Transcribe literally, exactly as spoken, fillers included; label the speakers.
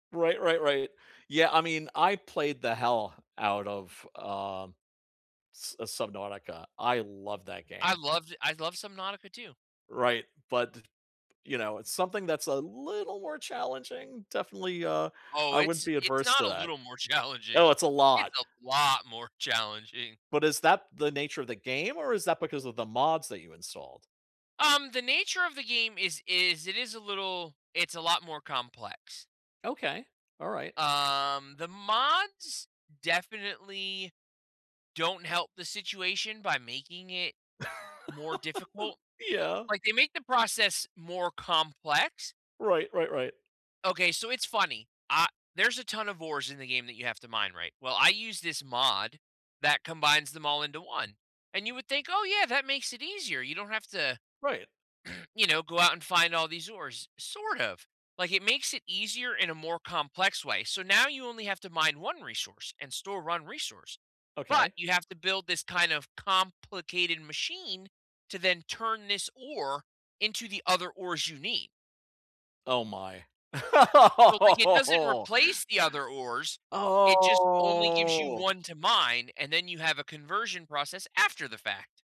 Speaker 1: Right. Right. Right. Yeah. I mean, I played the hell out of, um, s uh, Subnautica. I love that
Speaker 2: I
Speaker 1: game.
Speaker 2: loved I loved some Nautica too.
Speaker 1: Right. But d you know, it's something that's a little more challenging, definitely, uh,
Speaker 2: Oh,
Speaker 1: I wouldn't
Speaker 2: it's
Speaker 1: be
Speaker 2: it's
Speaker 1: adverse to
Speaker 2: not a
Speaker 1: that.
Speaker 2: little more challenging.
Speaker 1: Oh, it's a
Speaker 2: It's
Speaker 1: lot.
Speaker 2: a lot more challenging.
Speaker 1: But is that the nature of the game, or is that because of the mods that you installed?
Speaker 2: Um, the nature of the game is is it is a little it's a lot more complex.
Speaker 1: Okay. Alright.
Speaker 2: Um, the mods definitely don't help the situation by making it more difficult.
Speaker 1: Yeah.
Speaker 2: Like, they make the process more complex.
Speaker 1: Right. Right. Right.
Speaker 2: Okay, so it's funny. Ah there's a ton of ores in the game that you have to mine right. Well, I use this mod that combines them all into one. And you would think, "Oh yeah, that makes it easier. You don't have to
Speaker 1: Right.
Speaker 2: you know, go out and find all these ores." Sort of. Like, it makes it easier in a more complex way. So now you only have to mine one resource and store one resource, but
Speaker 1: Okay.
Speaker 2: you have to build this kind of complicated machine to then turn this ore into the other ores you need.
Speaker 1: Oh my.
Speaker 2: So, like, it doesn't replace the other ores it just only gives you
Speaker 1: Oh.
Speaker 2: one to mine, and then you have a conversion process after the fact.